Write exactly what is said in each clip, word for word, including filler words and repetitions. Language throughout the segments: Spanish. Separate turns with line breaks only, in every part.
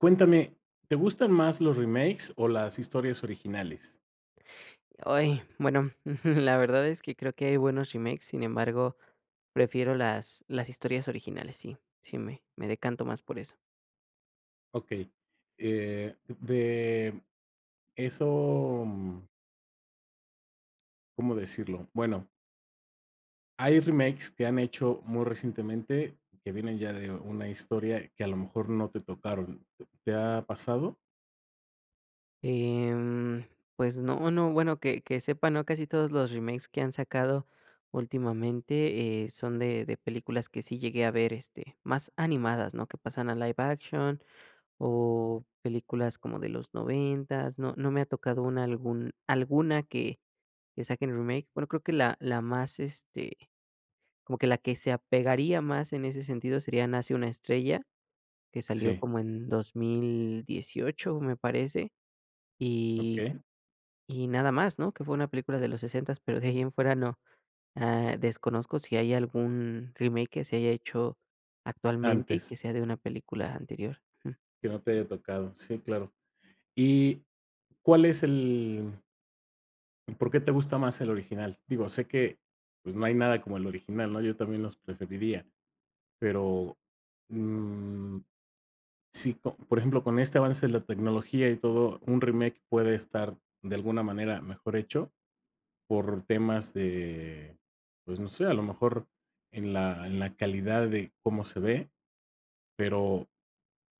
Cuéntame, ¿te gustan más los remakes o las historias originales?
Ay, bueno, la verdad es que creo que hay buenos remakes, sin embargo, prefiero las las historias originales, sí sí me me decanto más por eso.
Okey. Eh, de eso, mm ¿Cómo decirlo? Bueno hay remakes que han hecho muy recientemente, que vienen ya de una historia que a lo mejor no te tocaron, ¿te ha pasado?
Em, pues no, no, bueno que que sepa no casi todos los remakes que han sacado últimamente, eh, son de de películas que sí llegué a ver, este, más animadas, ¿no?, que pasan a live action o películas como de los noventas, no no me ha tocado una algún alguna que que saquen remake. Bueno creo que la la más, este, como que la que se apegaría más en ese sentido sería, Nace una estrella que salió
Sí.
como en dos mil dieciocho me parece, y
Okey.
y nada más, ¿no? Que fue una película de los sesentas, pero, de ahí en fuera no. Ah, desconozco si hay algún remake, que se haya hecho actualmente y
Antes.
que sea de una película anterior. Ujú.
Que no te haya tocado, sí, claro, y ¿cuál es el ¿por qué te gusta más el original? Digo, sé que, pues, no hay nada como el original, ¿no? Yo también los preferiría, pero, mmm, si co por ejemplo, con este avance de la tecnología y todo, un remake puede estar de alguna manera mejor hecho, por temas de, pues, no sé, a lo mejor en la en la calidad de cómo se ve, pero,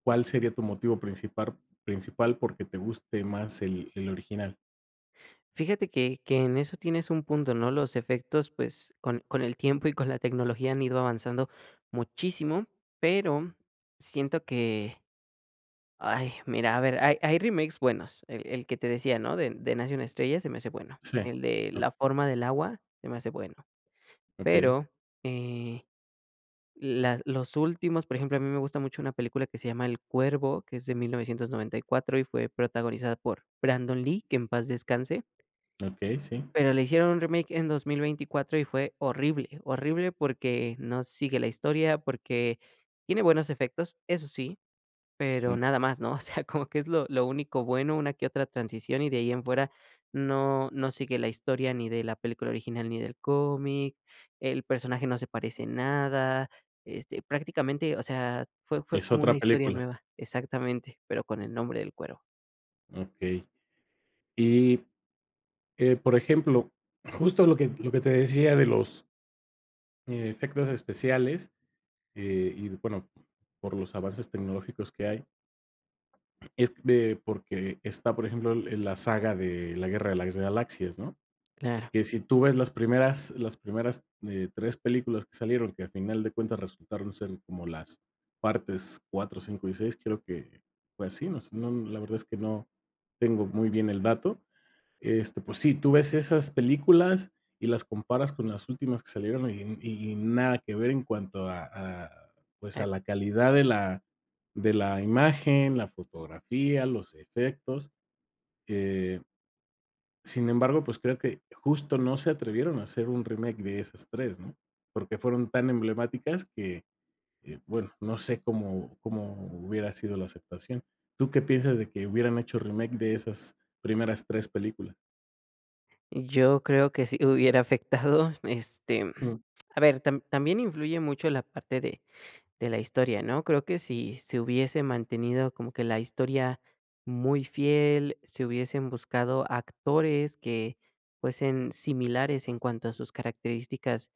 ¿cuál sería tu motivo principar principal, porque, te guste más el el original?
Fíjate que que en eso tienes un punto, ¿no?, los efectos, pues, con con el tiempo y con la tecnología han ido avanzando muchísimo, pero, siento que, ¡ay!, mira, a ver, hay hay remakes buenos. El el que te decía, ¿no?, de de Nace una estrella, se me hace bueno.
Sí,
El de
oh.
La forma del agua se me hace bueno.
Okey.
Pero, eh, las los últimos, por ejemplo, a mí me gusta mucho una película que se llama El cuervo, que es de mil novecientos noventa y cuatro y fue protagonizada por Brandon Lee, que en paz descanse.
Okey, sí.
Pero le hicieron un remake en dos mil veinticuatro y fue horrible, horrible porque no sigue la historia, porque tiene buenos efectos, eso sí, pero
Mm.
nada más, ¿no?, o sea, como que es lo lo único bueno, una que otra transición, y de ahí en fuera, no no sigue la historia ni de la película original, ni del cómic, el personaje no se parece en nada, este prácticamente, o sea, fue fue
Es
como una
otra
historia
película.
nueva, exactamente, pero con el nombre del cuervo.
Okey. Y, eh, por ejemplo, justo lo que lo que te decía de los e efectos especiales, eh, y d bueno, por los avances tecnológicos que hay. Es ve porque está, por ejemplo, el el la saga de La guerra de las galaxias, ¿no?,
Claro.
que si tú ves las primeras las primeras, eh, tres películas que salieron, que a final de cuentas, resultaron ser como las partes cuatro, cinco y seis, creo que fue así, nos no la verdad es que no, tengo muy bien el dato. Este, pues sí, tú ves esas películas y las comparas con las últimas que salieron y y y nada que ver en cuanto a a pues, a
Eh.
la calidad de la de la imagen, la fotografía, los efectos, eh Sin embargo, pues, creo que justo no se atrevieron a hacer un remake de esas tres, ¿no?, porque fueron tan emblemáticas que, eh, bueno, no sé, cómo cómo hubiera sido la aceptación, ¿tú qué piensas de que hubieran hecho remake de esas primeras tres películas?
Yo creo que si hubiera afectado, este.
Ujú.
A ver, tam también influye mucho la parte de de la historia, ¿no? Creo que si se hubiese mantenido como que la historia muy fiel, si hubiesen buscado actores que fuesen similares en cuanto a sus características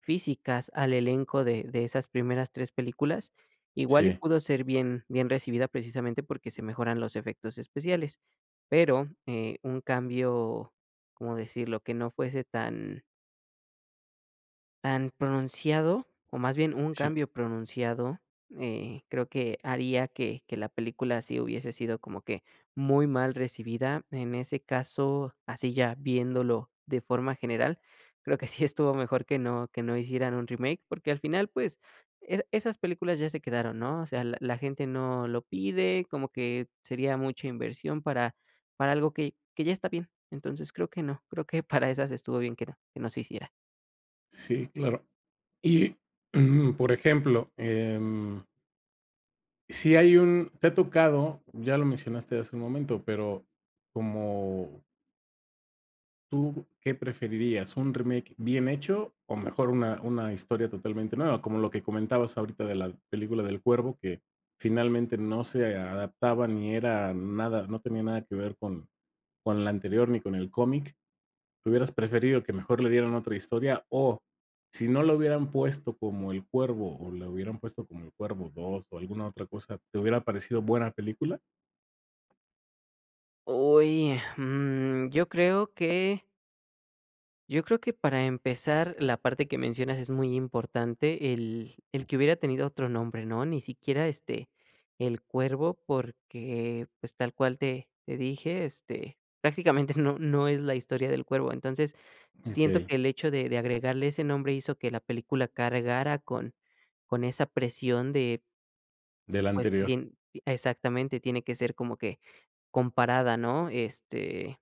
físicas, al elenco de de esas primeras tres películas. Igual y
Sí.
pudo ser bien bien recibida precisamente porque se mejoran los efectos especiales, pero, eh, un cambio, ¿cómo decirlo?, que no fuese tan tan pronunciado, o más bien un
Sí.
cambio pronunciado, eh, creo que haría que que la película sí hubiese sido como que muy mal recibida. En ese caso, así ya viéndolo de forma general, creo que sí estuvo mejor que no que no hicieran un remake, porque, al final pues esas esas películas ya se quedaron, ¿no? O sea, la la gente no lo pide, como que sería mucha inversión, para para algo que que ya está bien, entonces creo que no, creo que para esas estuvo bien que no que no se hiciera.
Sí, claro. Y, por ejemplo, em si hay un te ha tocado, ya lo mencionaste hace un momento, pero como ¿tú qué preferirías? ¿Un remake bien hecho, o mejor una una historia totalmente nueva? Como lo que comentabas ahorita de la película del cuervo que finalmente no, se adaptaba, ni era nada, no tenía nada que ver con con la anterior, ni con el cómic, ¿hubieras preferido que mejor le dieran otra historia? O si no lo hubieran puesto como el cuervo, o la hubieran puesto como el cuervo dos, o alguna otra cosa, ¿te hubiera parecido buena película?
Uy, mm, yo creo que, yo creo que yo creo que para empezar la parte que mencionas es muy importante, el el que hubiera tenido otro nombre, ¿no? Ni siquiera, este, el cuervo, porque, pues, tal cual te te dije, este, prácticamente no no es la historia del cuervo. Entonces, siento
Okey.
que el hecho de de agregarle ese nombre, hizo que la película cargara con con esa presión de
Del
pues
anterior.
tien exactamente tiene que ser como que comparada, ¿no? Este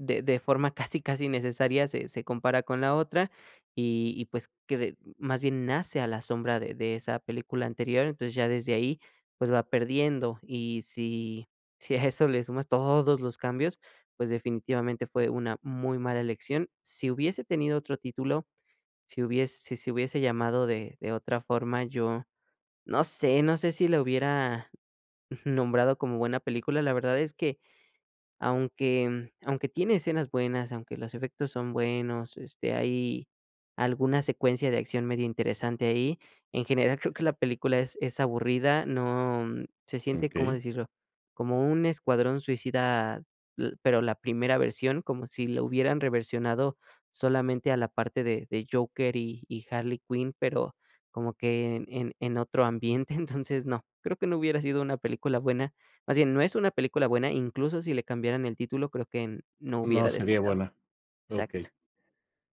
de de forma casi casi necesaria, se se compara con la otra. Y y pues, cre de más bien nace a la sombra de de esa película anterior, entonces ya desde ahí, pues, va perdiendo. Y si, si a eso le sumas todos los cambios, pues, definitivamente fue una muy mala elección. Si hubiese tenido otro título, si hubiese si se hubiese llamado de de otra forma, yo no sé no sé si la hubiera nombrado como buena película. La verdad es que aunque aunque tiene escenas buenas, aunque los efectos son buenos, este, hay alguna secuencia de acción medio interesante ahí. En general creo que la película es es aburrida, no se siente, ¿cómo
Okey.
decirlo? Como un escuadrón suicida, u pero, la primera versión, como si lo hubieran reversionado solamente a la parte de de Joker y y Harley Quinn, pero, como que en en en otro ambiente. Entonces no, creo que no hubiera sido una película buena. Más bien, no es una película buena, incluso, si le cambiaran el título, creo que no
No,
hubiera
seria
destacado.
buena,
Exacto.
okey.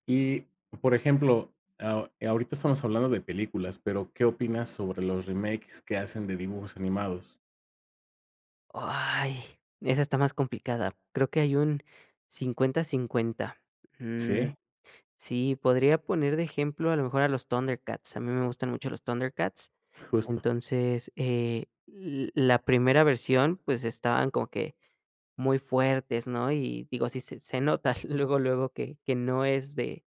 Y, por ejemplo, eh, ahorita estamos hablando de películas, pero, ¿qué opinas sobre los remakes que hacen de dibujos animados?
Oh, ay, esa está más complicada, creo que hay un cincuenta, cincuenta. Mm,
¿Sí?
sí, podría poner de ejemplo a lo mejor a los ThunderCats, a mí me gustan mucho los ThunderCats.
Justo.
Entonces, eh, l la primera versión, pues, estaban como que muy fuertes, ¿no? Y digo, así se se nota luego, luego, que que no es de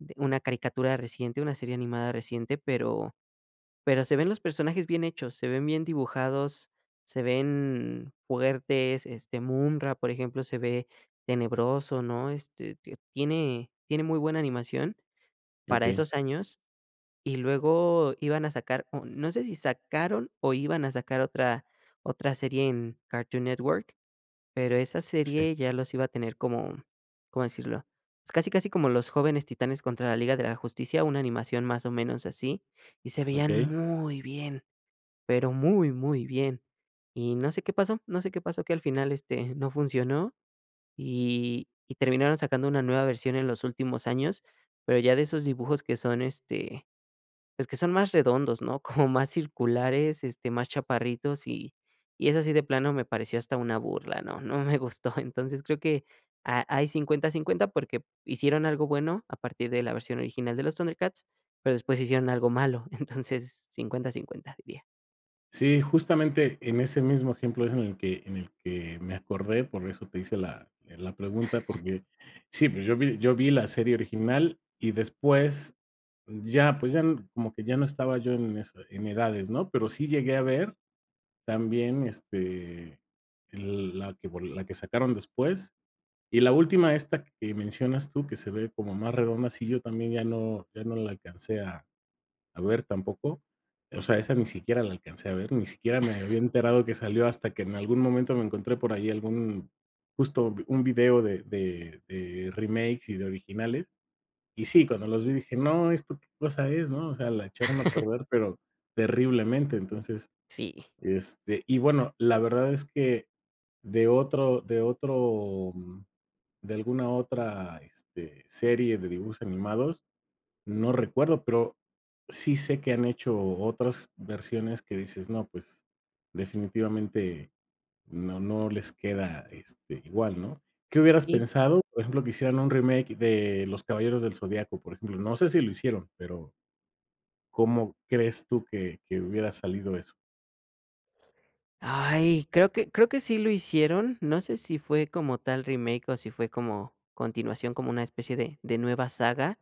de una caricatura reciente, una serie animada reciente, pero pero se ven los personajes bien hechos, se ven bien dibujados, se ven fuertes, este Munra, por ejemplo, se ve tenebroso, ¿no? Este, te tiene tiene muy buena animación, para
Okey.
esos años y luego iban a sacar, o no sé si sacaron o iban a sacar otra otra serie en Cartoon Network, pero esa
Sí.
serie ya los iba a tener como, ¿cómo decirlo? Casi, casi como Los jóvenes titanes contra la Liga de la Justicia, una animación más o menos así, y se veían
Okey.
muy bien, pero, muy, muy bien. Y no sé qué pasó no sé qué pasó, que al final este no funcionó, y y terminaron sacando una nueva versión en los últimos años, pero ya de esos dibujos que son este, pues, que son más redondos, ¿no? Como más circulares, este, más chaparritos y y eso sí de plano me pareció hasta una burla, ¿no? No me gustó. Entonces creo que ha hay cincuenta, cincuenta porque hicieron algo bueno a partir de la versión original de los ThunderCats, pero, después, hicieron algo malo. Entonces, cincuenta, cincuenta, diría.
Sí, justamente en ese mismo ejemplo es en el que en el que me acordé, por eso te hice la la pregunta, porque sí, pues, yo vi yo vi la serie original y después ya, pues, ya como que ya no estaba yo en eso, en edades, ¿no? Pero, sí llegué a ver también, este, el la que vol la que sacaron después, y la última, esta que mencionas tú, que se ve como más redonda, sí, yo también ya no ya no la alcancé a a ver tampoco. O sea, esa ni siquiera la alcancé a ver, ni siquiera me había enterado que salió, hasta que en algún momento me encontré por ahí, algún justo un video de de de remakes y de originales. Y sí, cuando los vi, dije: "No, esto qué cosa es," ¿no? O sea, la echaron a perder, pero terriblemente. Entonces,
Sí.
este, y bueno, la verdad es que de otro de otro, mm, de alguna otra, este, serie de dibujos animados, no recuerdo, pero sí sé que han hecho otras versiones que dices, no, pues, definitivamente no no les queda, este, igual, ¿no? ¿Qué hubieras
Sí.
pensado? Por ejemplo, que hicieran un remake de Los Caballeros del Zodiaco, por ejemplo, no sé si lo hicieron, pero, ¿cómo crees tú que que hubiera salido eso?
Ay, creo que creo que sí lo hicieron, no sé, si fue como tal remake, o si fue como continuación como una especie de de nueva saga,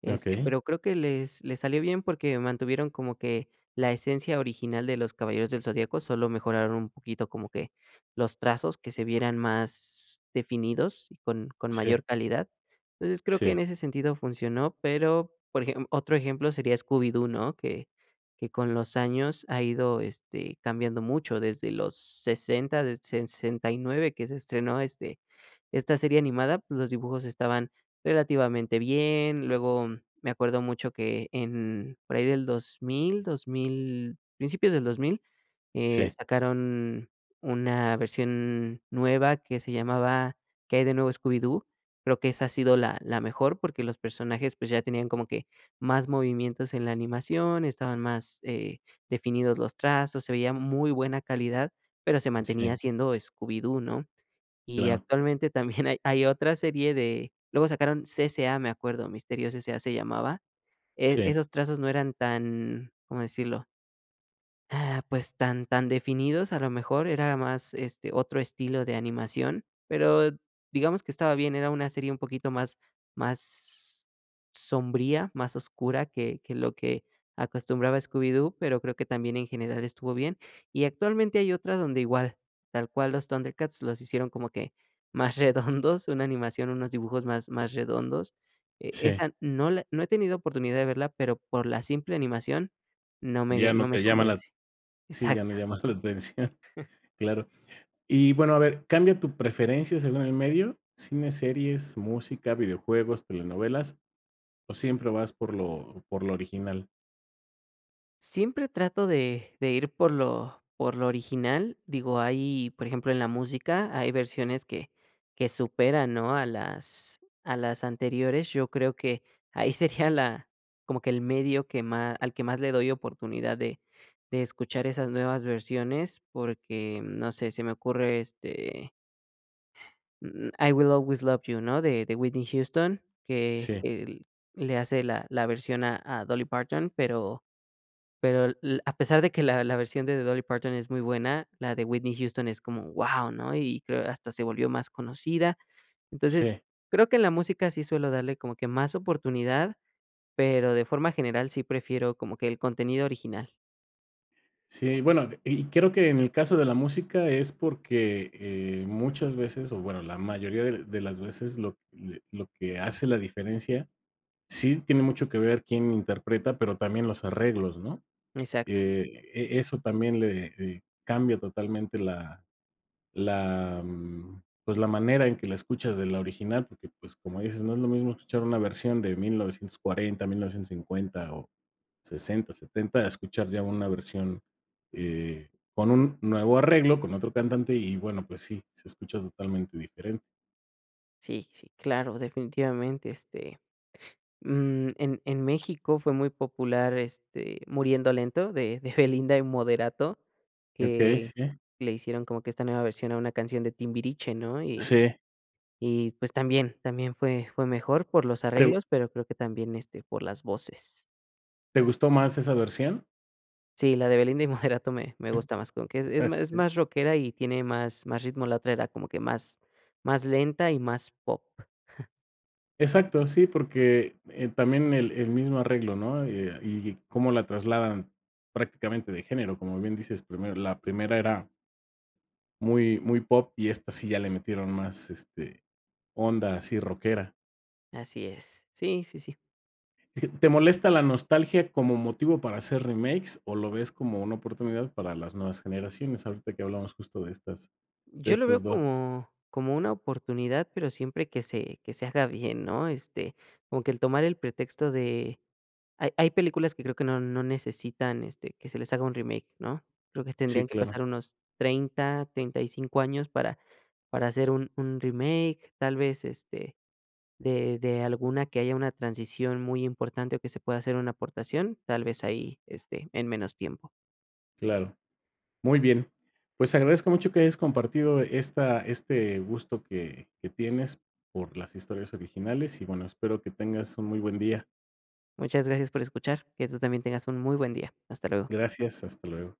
este,
Okey.
pero, creo que les les salió bien porque, mantuvieron como que la esencia original de Los Caballeros Del Zodiaco, solo mejoraron un poquito como que los trazos que se vieran más definidos y con con
Sí.
mayor calidad. Entonces creo que en
Sí.
ese sentido funcionó, pero, por ejem otro ejemplo sería Scooby-Doo, ¿no?, que que con los años ha ido este cambiando mucho desde los sesentas, del sesenta y nueve que se estrenó este esta serie animada, pues, los dibujos estaban relativamente bien, luego me acuerdo mucho que en, por ahí del dos mil, 2,000, principios del dos mil, eh,
Sí.
sacaron una versión nueva que se llamaba, Qué hay de nuevo Scooby-Doo, creo que esa ha sido la la mejor porque, los personajes, pues, ya tenían como que más movimientos en la animación, estaban más, eh, definidos los trazos, se veía muy buena calidad, pero, se mantenía
Sí.
siendo Scooby-Doo, ¿no? Y
Claro.
actualmente también hay hay otra serie de luego sacaron CCA me acuerdo, Misterios SA se llamaba, eh,
Sí.
esos trazos no eran tan, cómo decirlo ah, pues, tan tan definidos, a lo mejor era más, este, otro estilo de animación, pero, digamos que estaba bien, era una serie un poquito más más s sombría, más oscura que que lo que acostumbraba Scooby-Doo, pero, creo que también en general estuvo bien. Y actualmente hay otra donde igual, tal cual los ThunderCats, los hicieron como que más redondos, una animación, unos dibujos más más redondos. Eh,
Sí.
esa no la no he tenido oportunidad de verla, pero, por la simple animación no me
Ya no
no me
te llama la
convence.
sí, ya no
Exacto.
llama la atención. Claro. Y bueno, a ver, ¿cambia tu preferencia según el medio, cine, series, música, videojuegos, telenovelas, o siempre vas por lo por lo original?
Siempre trato de de ir por lo por lo original, digo, hay, por ejemplo, en la música hay versiones que que superan, ¿no?, a las a las anteriores. Yo creo que ahí sería la, como que el medio que más al que más le doy oportunidad de de escuchar esas nuevas versiones, porque, no sé, se me ocurre, este Mm, "I will always love you", ¿no?, de de Whitney Houston, que
Sí.
que le hace la la versión a a Dolly Parton, pero pero le a pesar de que la la versión de de Dolly Parton es muy buena, la de Whitney Houston es como, ¡guau! ¿no? Y creo hasta se volvió más conocida, entonces
Sí.
creo que en la música sí suelo darle como que más oportunidad, pero, de forma general, sí prefiero como que el contenido original.
Sí, bueno, y creo que en el caso de la música es porque, eh, muchas veces, o bueno, la mayoría de de las veces, lo de lo que hace la diferencia, sí tiene mucho que ver quién interpreta, pero, también los arreglos, ¿no?
Exacto.
Que, eh, eso también le le cambia totalmente la la, mm, pues, la manera en que la escuchas de la original, porque, pues, como dices, no es lo mismo escuchar una versión de mil novecientos cuarenta, mil novecientos cincuenta o sesenta, setenta, a escuchar ya una versión, eh, con un nuevo arreglo, con otro cantante, y bueno, pues sí, se escucha totalmente diferente.
Sí, sí, claro definitivamente, este, mm, en en México fue muy popular, este, Muriendo Lento de de Belinda y Moderato,
Okey,
que
sí.
le hicieron como que esta nueva versión a una canción de Timbiriche, ¿no?, y
Sí.
y, pues, también también fue fue mejor por los
Te gu
arreglos, pero creo que también, este, por las voces.
¿te gustó más esa versión?
Sí, la de Belinda y Moderato me me gusta más como que, e es más
[unintelligible]
más rockera y tiene más más ritmo, la otra era como que, más más lenta y más pop.
Exacto, sí, porque, eh, también el el mismo arreglo, ¿no?, eh, y cómo la trasladan prácticamente de género, como bien dices: "Primero, la primera era" "muy, muy pop", y esta sí ya le metieron más, este, onda así rockera.
Así es, sí, sí, sí.
¿Te molesta la nostalgia como motivo para hacer remakes, o lo ves como una oportunidad para las nuevas generaciones?, ahorita que hablamos justo de estas de
Yo lo
estos
veo
dos.
como como una oportunidad, pero, siempre que se que se haga bien, ¿no?, este, como que el tomar el pretexto de ha hay películas que creo que no no necesitan, este, que se les haga un remake, ¿no?, creo que
Sí,
tendrían que
claro.
pasar unos treinta, treinta y cinco años para para hacer un un remake, tal vez, este, de de alguna que haya una transición muy importante, o que se pueda hacer una aportación, tal vez ahí, este, en menos tiempo.
Claro. Muy bien. Pues, agradezco mucho que hayas compartido esta este gusto que que tienes por las historias originales, y bueno, espero que tengas un muy buen día.
Muchas gracias por escuchar. Que tú también tengas un muy buen día. Hasta luego.
Gracias, hasta luego.